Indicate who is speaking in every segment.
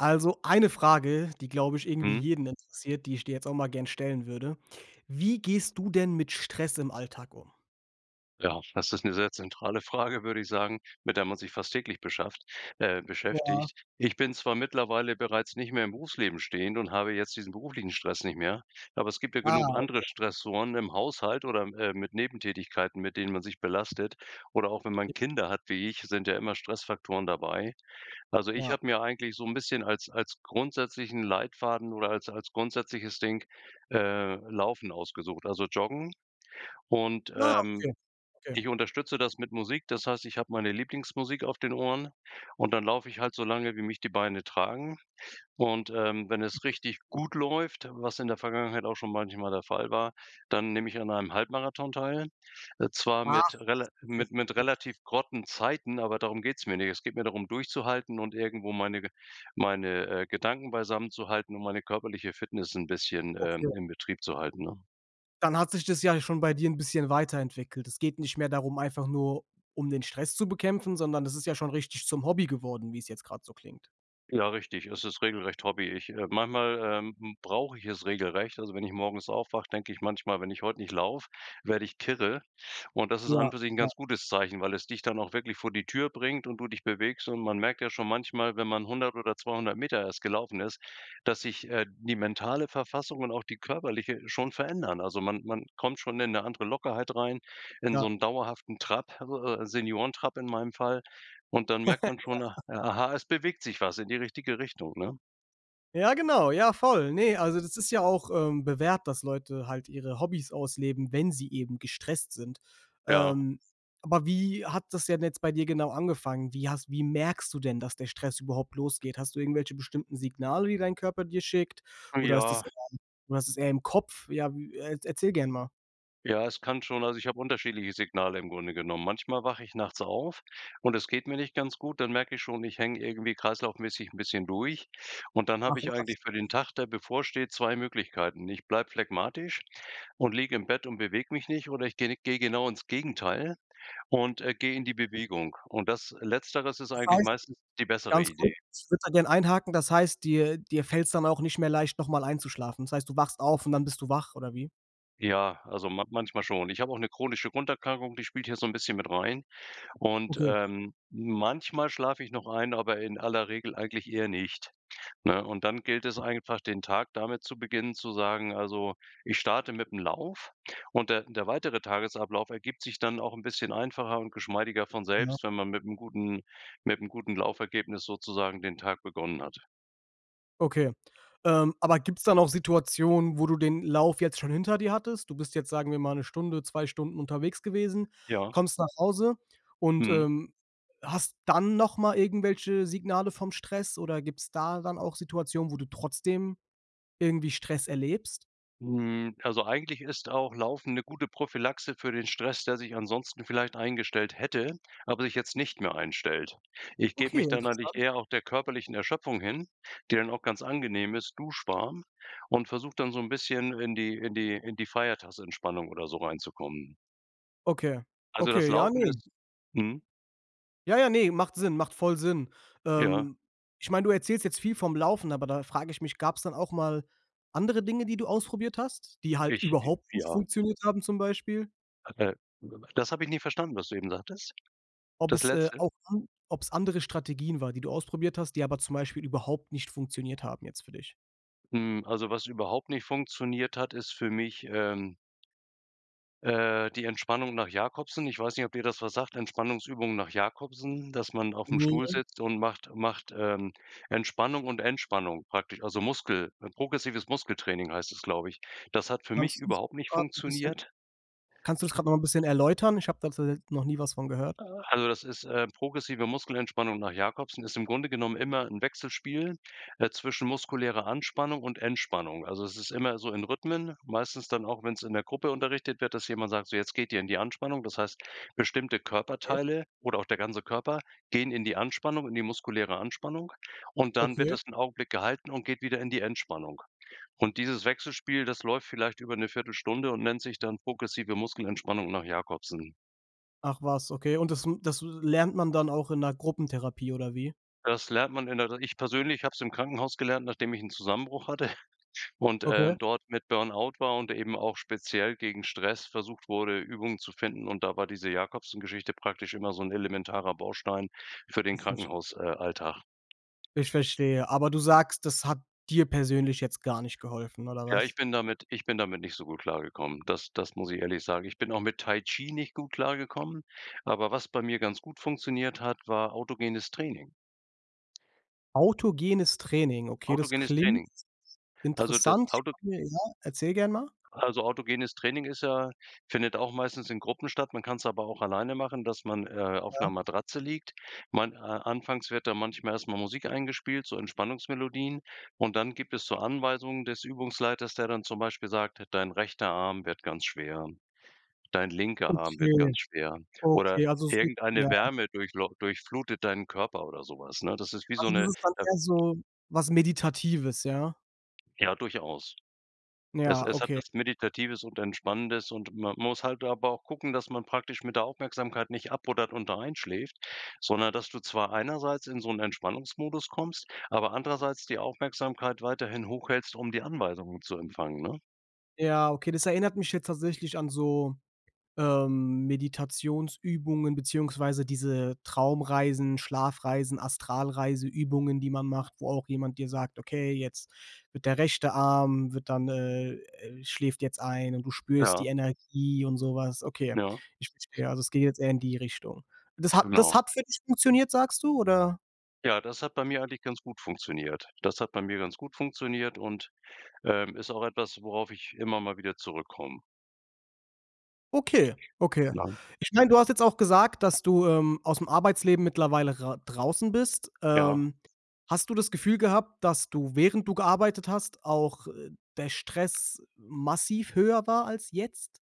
Speaker 1: Also, eine Frage, die glaube ich irgendwie
Speaker 2: Mhm.
Speaker 1: jeden interessiert, die ich dir jetzt auch mal gern stellen würde: Wie gehst du denn mit Stress im Alltag um?
Speaker 2: Ja, das ist ne sehr zentrale Frage, würde ich sagen, mit der man sich fast täglich beschafft äh,
Speaker 1: Ja.
Speaker 2: beschäftigt. Ich bin zwar mittlerweile bereits nicht mehr im Berufsleben stehend und habe jetzt diesen beruflichen Stress nicht mehr, aber es gibt ja
Speaker 1: Ah.
Speaker 2: genug andere
Speaker 1: Okay.
Speaker 2: Stressoren im Haushalt oder m äh, mit Nebentätigkeiten, mit denen man sich belastet oder auch wenn man
Speaker 1: [unintelligible]
Speaker 2: Kinder hat wie ich, sind ja immer Stressfaktoren dabei. Also, ich
Speaker 1: Ja.
Speaker 2: habe mir eigentlich so 'n bisschen als als grundsätzlichen Leitfaden oder als als grundsätzliches Ding, äh, laufen ausgesucht, also, joggen. Und,
Speaker 1: Ja,
Speaker 2: ähm,
Speaker 1: okay. Okay.
Speaker 2: ich unterstütze das mit Musik, das heißt, ich habe meine Lieblingsmusik auf den Ohren und dann laufe ich halt so lange, wie mich die Beine tragen. Und, ähm, wenn es richtig gut läuft, was in der Vergangenheit auch schon manchmal der Fall war, dann nehme ich an einem Halbmarathon teil. Äh, zwar
Speaker 1: Ah,
Speaker 2: mit
Speaker 1: [unintelligible]
Speaker 2: rela
Speaker 1: okay.
Speaker 2: mit mit
Speaker 1: Gut.
Speaker 2: relativ grotten Zeiten, aber darum geht's mir nicht. Es geht mir darum, durchzuhalten und irgendwo meine ge meine, äh, Gedanken beisammenzuhalten und meine körperliche Fitness 'n bisschen, ähm,
Speaker 1: Okay.
Speaker 2: in Betrieb zu halten, ne?
Speaker 1: Dann hat sich das ja schon bei dir 'n bisschen weiterentwickelt. Es geht nicht mehr darum, einfach nur um den Stress zu bekämpfen, sondern das ist ja schon richtig zum Hobby geworden, wie's jetzt gerade so klingt.
Speaker 2: Ja, richtig, es ist regelrecht Hobby. Ich, äh manchmal, ähm, brauche ich es regelrecht. Also, wenn ich morgens aufwache, denke ich manchmal: „Wenn ich heut nicht laufe, werde ich kirre.“ Und das ist an
Speaker 1: Ja.
Speaker 2: und für sich 'n
Speaker 1: Ja.
Speaker 2: ganz gutes Zeichen, weil es dich dann auch wirklich vor die Tür bringt und du dich bewegst und man merkt ja schon manchmal, wenn man 100 m oder 200 m erst gelaufen ist, dass sich, äh, die mentale Verfassung und auch die körperliche schon verändern. Also, man man kommt schon in ne andere Lockerheit rein, in
Speaker 1: Ja.
Speaker 2: so 'n dauerhaften Trab, also, äh, Seniorentrab in meinem Fall und dann merkt man schon:
Speaker 1: Ja.
Speaker 2: „Aha, es bewegt sich was in die richtige Richtung“, ne?
Speaker 1: Ja, genau. Ja, voll. Ne, also, das ist ja auch, ähm, bewährt, dass Leute halt ihre Hobbys ausleben, wenn sie eben gestresst sind.
Speaker 2: Ja.
Speaker 1: Ähm, aber wie hat das denn jetzt bei dir genau angefangen? Wie hast wie merkst du denn, dass der Stress überhaupt losgeht? Hast du irgendwelche bestimmten Signale, die dein Körper dir schickt oder ist das
Speaker 2: Ja.
Speaker 1: eher oder ist das eher im Kopf? Ja, w äh, e erzähl gern mal.
Speaker 2: Ja, es kann schon also, ich habe unterschiedliche Signale im Grunde genommen. Manchmal wache ich nachts auf und es geht mir nicht ganz gut. Dann merke ich schon, ich hänge irgendwie kreislaufmäßig 'n bisschen durch. Und dann
Speaker 1: Ach,
Speaker 2: habe ich
Speaker 1: was.
Speaker 2: eigentlich für den Tag, der bevorsteht, 2 Möglichkeiten: Ich bleibe phlegmatisch und liege im Bett und bewege mich nicht oder ich gehe ne gehe genau ins Gegenteil und, äh, gehe in die Bewegung. Und das Letzteres, ist
Speaker 1: Das
Speaker 2: eigentlich
Speaker 1: heißt.
Speaker 2: meistens die bessere
Speaker 1: Ganz kurz.
Speaker 2: Idee.
Speaker 1: Ich würde an dir einhaken. Das heißt, dir dir fällt's dann auch nicht mehr leicht, noch mal einzuschlafen. Das heißt, du wachst auf und dann bist du wach oder wie?
Speaker 2: Ja, also, man manchmal schon. Ich hab auch ne chronische Grunderkrankung, die spielt hier so 'n bisschen mit rein. Und,
Speaker 1: Okay.
Speaker 2: ähm, manchmal schlafe ich noch ein, aber in aller Regel eigentlich eher nicht. Ne, und dann gilt es einfach, den Tag damit zu beginnen, zu sagen also: „Ich starte mit'm Lauf“ und der der weitere Tagesablauf ergibt sich dann auch 'n bisschen einfacher und geschmeidiger von
Speaker 1: [unintelligible]
Speaker 2: selbst, wenn man mit 'n guten mit 'n guten Laufergebnis sozusagen den Tag begonnen hat.
Speaker 1: Okay, ähm, aber gibt's dann auch Situationen, wo du den Lauf jetzt schon hinter dir hattest? Du bist jetzt, sagen wir mal, 1 Stunde, 2 Stunden unterwegs gewesen,
Speaker 2: Ja.
Speaker 1: kommst nach Hause und,
Speaker 2: Mhm.
Speaker 1: ähm, hast dann noch mal irgendwelche Signale vom Stress oder gibt's da dann auch Situationen, wo du trotzdem irgendwie Stress erlebst?
Speaker 2: Hm, also eigentlich ist auch laufen 'ne gute Prophylaxe für den Stress, der sich ansonsten vielleicht eingestellt hätte, aber jetzt nicht mehr einstellt. Ich gebe
Speaker 1: Okay,
Speaker 2: mich dann einentlich
Speaker 1: interessant.
Speaker 2: eher auch der körperlichen Erschöpfung hin, die dann auch ganz angenehm ist, duschwarm, und versuche dann so 'n bisschen in die in die in die Feiertagsentspannung oder so reinzukommen.
Speaker 1: Okay,
Speaker 2: Also, das
Speaker 1: okay, ja,
Speaker 2: laufen
Speaker 1: ne.
Speaker 2: ist mhm.
Speaker 1: Ja, ja, ne, macht Sinn, macht voll Sinn.
Speaker 2: Ja.
Speaker 1: Ähm, ich meine, du erzählst jetzt viel vom Laufen, aber da frage ich mich, gab's dann auch mal andere Dinge, die du ausprobiert hast, die halt
Speaker 2: Ich, äh
Speaker 1: überhaupt nicht
Speaker 2: ja.
Speaker 1: funktioniert haben zum Beispiel?
Speaker 2: Äh, das habe ich nicht verstanden, was du eben sagtest.
Speaker 1: Ob
Speaker 2: Das
Speaker 1: es, äh,
Speaker 2: Letzte.
Speaker 1: auch [unintelligible] ob's andere Strategien war, die du ausprobiert hast, die aber zum Beispiel überhaupt nicht funktioniert haben jetzt für dich?
Speaker 2: Hm, also, was überhaupt nicht funktioniert hat, ist für mich, ähm äh, die Entspannung nach Jacobsen. Ich weiß nicht, ob dir das sagt. Entspannungsübungen nach Jacobsen, dass man aufm
Speaker 1: Ne.
Speaker 2: Stuhl sitzt und macht macht, ähm, Entspannung und Entspannung praktisch. Also Muskel progressives Muskeltraining heißt das, glaube ich. Das hat für mich
Speaker 1: Kannst du's
Speaker 2: überhaupt nicht
Speaker 1: grad n' bisschen
Speaker 2: funktioniert.
Speaker 1: kannst du's grad noch mal 'n bisschen erläutern? Ich habe da [unintelligible] noch nie was von gehört.
Speaker 2: Also das ist, äh, progressive Muskelentspannung nach Jacobsen ist im Grunde genommen immer 'n Wechselspiel, äh, zwischen muskulärer Anspannung und Entspannung. Also das ist immer so in Rhythmen, meistens dann auch wenn's in der Gruppe unterrichtet wird, dass jemand sagt: „So jetzt geht ihr in die Anspannung.“ Das heißt, bestimmte
Speaker 1: Okay.
Speaker 2: Körperteile oder auch der ganze Körper gehen in die Anspannung, in die muskuläre Anspannung und dann wird
Speaker 1: Okay.
Speaker 2: das 'n Augenblick gehalten und geht wieder in die Entspannung. Und dieses Wechselspiel, das läuft vielleicht über 'ne Viertelstunde und nennt sich dann progressive Muskelentspannung nach Jacobsen.
Speaker 1: Ach, was, okay. Und das m das lernt man dann auch in 'ner Gruppentherapie oder wie?
Speaker 2: Das lernt man in der R ich persönlich habe es im Krankenhaus gelernt, nachdem ich 'n Zusammenbruch hatte und
Speaker 1: Okay.
Speaker 2: dort, äh, mit Burnout war und eben auch speziell gegen Stress versucht wurde, Übungen zu finden und da war diese Jacobsen Geschichte praktisch immer so 'n elementarer Baustein für den
Speaker 1: [unintelligible]
Speaker 2: Krankenhaus äh, Alltag.
Speaker 1: Ich verstehe. Aber du sagst, das hat dir persönlich jetzt gar nicht geholfen oder
Speaker 2: Ja,
Speaker 1: was?
Speaker 2: ich bin damit ich bin damit nicht so gut klargekommen. Das das muss ich ehrlich sagen. Ich bin auch mit Tai Chi nicht gut klargekommen, aber was bei mir ganz gut funktioniert hat, war autogenes Training.
Speaker 1: Autogenes Training, okay, das
Speaker 2: Autogenes
Speaker 1: klingt
Speaker 2: Training. Also, das
Speaker 1: interessant.
Speaker 2: Auto
Speaker 1: [unintelligible] Ja, erzähl gern mal.
Speaker 2: also autogenes Training ist ja findet auch meistens in Gruppen statt. Man kann's aber auch alleine machen, dass man, äh, auf 'ner
Speaker 1: Ja.
Speaker 2: Matratze liegt. Man a anfangs wird da manchmal erst mal Musik eingespielt, so Entspannungsmelodien. Und dann gibt es zur Anweisungen des Übungsleiters, der dann zum Beispiel sagt: „Dein rechter Arm wird ganz schwer, dein linker Arm wird
Speaker 1: Okay.
Speaker 2: ganz schwer. Oder
Speaker 1: Okay. Also, so ja.
Speaker 2: irgendeine Wärme durchl durchflutet deinen Körper oder so was“, ne? Das ist wie so
Speaker 1: Also, ist
Speaker 2: 'ne,
Speaker 1: es dann
Speaker 2: äh
Speaker 1: eher so was meditatives, ja?
Speaker 2: Ja, durchaus. Es
Speaker 1: Ja,
Speaker 2: es hat
Speaker 1: okay.
Speaker 2: was Meditatives, und, Entspannendes und, man muss halt aber auch gucken dass man praktisch mit der Aufmerksamkeit nicht ab oder darunter einschläft sondern dass du zwar einerseits in so 'n Entspannungsmodus kommst, aber andererseits die Aufmerksamkeit weiterhin hochhältst um die Anweisungen zu empfangen, ne?
Speaker 1: Ja, okay, das erinnert mich jetzt tatsächlich an so, ähm, Meditationsübungen beziehungsweise diese Traumreisen, Schlafreisen, Astralreise-Übungen die man macht, wo auch jemand dir sagt: „Okay, jetzt wird der rechte Arm wird dann, äh schläft jetzt ein, und du spürst die
Speaker 2: Ja.
Speaker 1: Energie." und so was. Okay.
Speaker 2: Ja.
Speaker 1: Ich bin [unintelligible] also, es geht jetzt eher in die Richtung. Das hat das
Speaker 2: Genau.
Speaker 1: hat für dich funktioniert, sagst du, oder?
Speaker 2: Ja, das hat bei mir eigentlich ganz gut funktioniert das hat bei mir ganz gut funktioniert, und, ähm, ist auch etwas worauf ich immer mal wieder zurückkomme.
Speaker 1: Okay, okay.
Speaker 2: Genau.
Speaker 1: Ich meine, du hast jetzt auch gesagt, dass du, ähm, aus dem Arbeitsleben mittlerweile rau draußen bist.
Speaker 2: Ja.
Speaker 1: Ähm, hast du das Gefühl gehabt, dass du während du gearbeitet hast, auch, äh, der Stress massiv höher war als jetzt?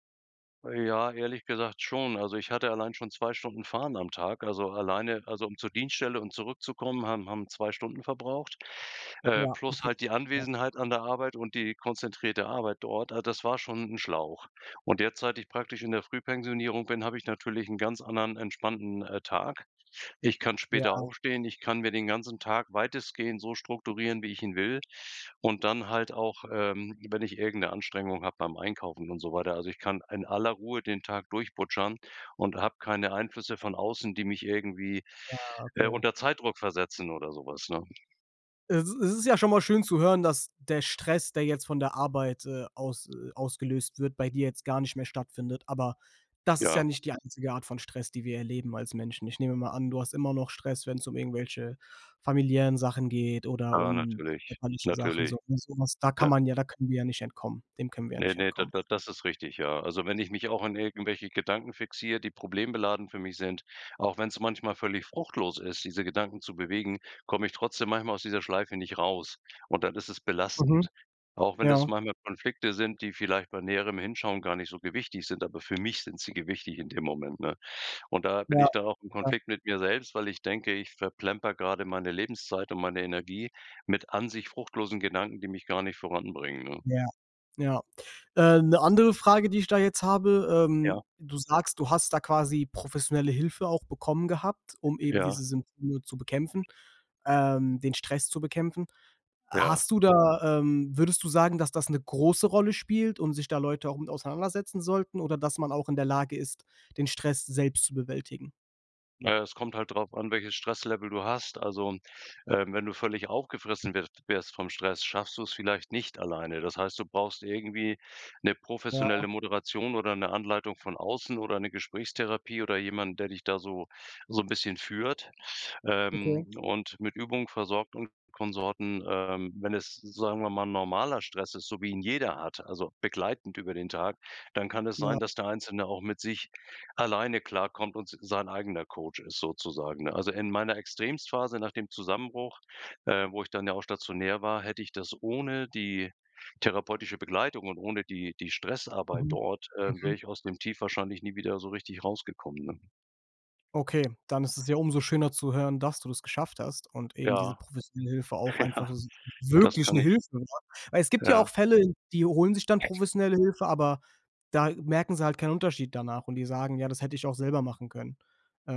Speaker 2: Ja, ehrlich gesagt schon. Also, ich hatte allein schon zwei Stunden Fahren am Tag. Also, alleine also, um zur Dienststelle und zurückzukommen haben haben zwei Stunden verbraucht. Äh,
Speaker 1: Ja,
Speaker 2: plus
Speaker 1: okay.
Speaker 2: halt die
Speaker 1: Ja.
Speaker 2: Anwesenheit an der Arbeit und die konzentrierte Arbeit dort. Ah, das war schon 'nen Schlauch. Und derzeit ich praktisch in der Frühpensionierung bin habe ich natürlich 'nen ganz anderen entspannten, äh, Tag. Ich kann später
Speaker 1: Ja.
Speaker 2: aufstehen, ich kann mir den ganzen Tag weitestgehend so strukturieren wie ich ihn will, und dann halt auch, ähm, wenn ich irgend 'ne Anstrengung habe beim Einkaufen, und so weiter. Also, ich kann in aller Ruhe den Tag durchbutschern und habe keine Einflüsse von außen die mich irgendwie,
Speaker 1: Ja,
Speaker 2: äh,
Speaker 1: okay.
Speaker 2: unter Zeitdruck versetzen oder so was, ne?
Speaker 1: Es es ist ja schon mal schön zu hören, dass der Stress, der jetzt von der Arbeit, äh, aus ausgelöst wird, bei dir jetzt gar nicht mehr stattfindet, aber das ist ja
Speaker 2: Ja.
Speaker 1: nicht die einzige Art von Stress, die wir erleben als Menschen. Ich nehme mal an, du hast immer noch Stress, wenn's um irgendwelche familiären Sachen geht oder
Speaker 2: Aber
Speaker 1: um
Speaker 2: natürlich.
Speaker 1: körperliche Sachen so
Speaker 2: Natürlich.
Speaker 1: und so was. Da kann
Speaker 2: Ne
Speaker 1: man ja da können wir ja nicht entkommen dem können wir ja
Speaker 2: Ne,
Speaker 1: nicht
Speaker 2: ne, da
Speaker 1: entkommen.
Speaker 2: da das ist richtig, ja. Also, wenn ich mich auch an irgendwelche Gedanken fixiere, die problembeladend für mich sind, auch wenn's manchmal völlig fruchtlos ist, diese Gedanken zu bewegen, komme ich trotzdem manchmal aus dieser Schleife nicht raus und dann ist es
Speaker 1: Mhm,
Speaker 2: belastend. Auch wenn es
Speaker 1: ja.
Speaker 2: manchmal Konflikte sind, die vielleicht bei näherem Hinschauen gar nicht so gewichtig sind, aber für mich sind sie gewichtig in dem Moment, ne? Und da bin
Speaker 1: Ja.
Speaker 2: ich dann auch im
Speaker 1: Ja.
Speaker 2: Konflikt mit mir selbst, weil ich denke, ich verplemper grade meine Lebenszeit und meine Energie mit an sich fruchtlosen Gedanken, die mich gar nicht voranbringen, ne?
Speaker 1: Ja. Ja. Äh, 'ne andere Frage, die ich da jetzt habe, ähm,
Speaker 2: Ja.
Speaker 1: du sagst, du hast da quasi professionelle Hilfe auch bekommen gehabt, um eben
Speaker 2: Ja.
Speaker 1: diese Symptome zu bekämpfen ähm, den Stress zu bekämpfen.
Speaker 2: Ja.
Speaker 1: Hast du da, ähm würdest du sagen, dass das 'ne große Rolle spielt und sich da Leute auch mit auseinandersetzen sollten? Oder dass man auch in der Lage ist, den Stress selbst zu bewältigen?
Speaker 2: Naja, es kommt halt drauf an welches Stresslevel du hast. Also, ähm, wenn du völlig aufgefressen wir wirst vom Stress, schaffst du's vielleicht nicht alleine. Das heißt, du brauchst irgendwie 'ne
Speaker 1: Ja.
Speaker 2: professionelle Moderation oder 'ne Anleitung von außen, oder 'ne Gesprächstherapie oder jemanden der dich da so so 'n bisschen führt. Ähm,
Speaker 1: Okay.
Speaker 2: und mit Übung versorgt, und Konsorten, ähm, wenn es, sagen wir mal normaler Stress ist, so wie ihn jeder hat, also, begleitend über den Tag, dann kann es sein,
Speaker 1: Ja.
Speaker 2: dass der Einzelne auch mit sich, alleine klarkommt und s sein eigener Coach ist, sozusagen, ne? Also, in meiner Extremstphase nach dem Zusammenbruch, äh, wo ich dann ja auch stationär war, hätte ich das ohne die therapeutische Begleitung und ohne die die Stressarbeit
Speaker 1: Mhm.
Speaker 2: dort, äh, wäre
Speaker 1: Mhm.
Speaker 2: ich aus dem Tief wahrscheinlich nie wieder so richtig rausgekommen, ne?
Speaker 1: Okay, dann ist es ja umso schöner zu hören, dass du das geschafft hast und eben diese
Speaker 2: Ja.
Speaker 1: professionelle Hilfe auch
Speaker 2: Ja.
Speaker 1: einfach s [unintelligible]
Speaker 2: Das
Speaker 1: wirklich
Speaker 2: kann
Speaker 1: 'ne
Speaker 2: ich
Speaker 1: Hilfe, ja. Weil es gibt ja auch
Speaker 2: Ja.
Speaker 1: Fälle, die holen sich dann
Speaker 2: [unintelligible]
Speaker 1: professionelle Hilfe, aber da merken sie halt keinen Unterschied danach und die sagen. „Ja, das hätte ich auch selber machen können."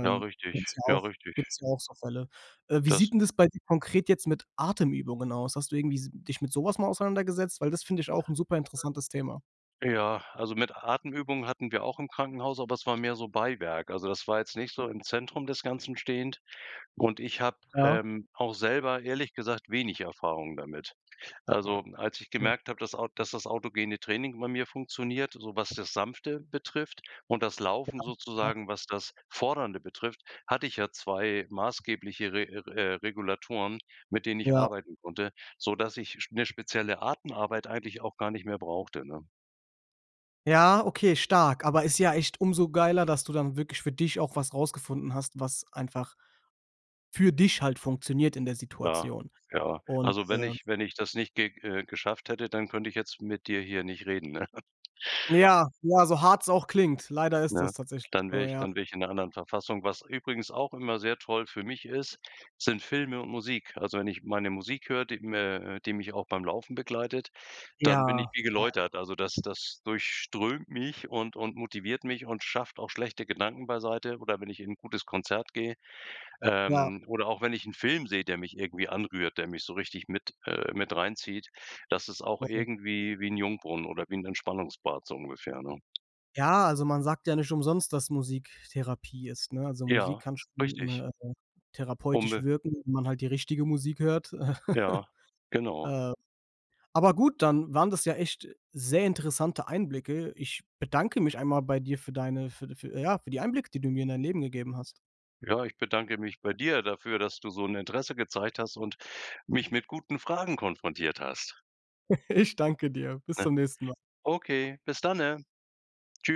Speaker 2: Ja
Speaker 1: gibt's
Speaker 2: richtig.
Speaker 1: ja
Speaker 2: Ja
Speaker 1: auch
Speaker 2: richtig.
Speaker 1: gibt's ja auch so Fälle. Äh, wie
Speaker 2: Das
Speaker 1: sieht 'n das bei dir konkret jetzt mit Atemübungen aus? Hast du irgendwie s dich mit so was mal auseinandergesetzt? Weil das find ich auch 'n superinteressantes Thema.
Speaker 2: Ja, also, mit Atemübungen hatten wir auch im Krankenhaus, aber es war mehr so Beiwerk. Also, das war jetzt nicht so im Zentrum des Ganzen stehend und ich habe,
Speaker 1: Ja.
Speaker 2: ähm, auch selber ehrlich gesagt wenig Erfahrungen damit. Also, als ich
Speaker 1: Ja.
Speaker 2: gemerkt habe, dass au dass das autogene Training bei mir funktioniert, so was das Sanfte betrifft, und das
Speaker 1: Ja.
Speaker 2: Laufen
Speaker 1: Ja.
Speaker 2: sozusagen, was das Fordernde betrifft, hatte ich ja 2 maßgebliche Re äh, Regulatoren, mit denen ich
Speaker 1: Ja.
Speaker 2: arbeiten konnte, so dass ich sp 'ne spezielle Atemarbeit eigentlich auch gar nicht mehr brauchte, ne?
Speaker 1: Ja, okay, stark, aber ist ja echt umso geiler, dass du dann wirklich für dich auch was rausgefunden hast, was einfach für dich halt funktioniert in der
Speaker 2: Ja,
Speaker 1: Situation.
Speaker 2: ja.
Speaker 1: Und
Speaker 2: Also wenn
Speaker 1: äh
Speaker 2: ich wenn ich das nicht ge äh, geschafft hätte, dann könnte ich jetzt mit dir hier nicht reden, ne?
Speaker 1: Ja, ja, so hart's auch klingt, leider ist
Speaker 2: Na?
Speaker 1: das tatsächlich
Speaker 2: Dann wäre
Speaker 1: so,
Speaker 2: ich
Speaker 1: ja.
Speaker 2: dann wäre ich in 'ner anderen Verfassung. Was übrigens auch immer sehr toll für mich ist, sind Filme und Musik. Also wenn ich meine Musik höre, die mir äh, die mich auch beim Laufen begleitet, dann bin ich
Speaker 1: Ja.
Speaker 2: wie
Speaker 1: Ja.
Speaker 2: geläutert. Also das das durchströmt mich und und motiviert mich und schafft auch schlechte Gedanken beiseite oder wenn ich in 'n gutes Konzert gehe,
Speaker 1: Ja.
Speaker 2: ähm, oder auch wenn ich 'n Film sehe der mich irgendwie anrührt, der mich so richtig mit äh, mit reinzieht, das ist auch
Speaker 1: Okay.
Speaker 2: irgendwie, wie 'n Jungbrunnen oder wie 'n Entspannungsbad, so ungefähr, ne?
Speaker 1: Ja, also man sagt ja nicht umsonst, dass Musik Therapie ist, ne? Also Musik
Speaker 2: Ja.
Speaker 1: kann schon,
Speaker 2: Richtig.
Speaker 1: äh, therapeutisch
Speaker 2: Umbe
Speaker 1: wirken, wenn man halt die richtige Musik hört.
Speaker 2: Ja. Genau.
Speaker 1: Äh, aber gut, dann waren das ja echt, sehr interessante Einblicke. Ich bedanke mich einmal bei dir für deine für für ja, für die Einblicke, die du mir in dein Leben gegeben hast.
Speaker 2: Ja, ich bedanke mich bei dir, dafür dass du so 'n Interesse gezeigt hast und mich mit guten Fragen konfrontiert hast.
Speaker 1: Ich danke dir. Bis
Speaker 2: Ne
Speaker 1: zum nächsten Mal.
Speaker 2: Okay. Bis danne! Tschü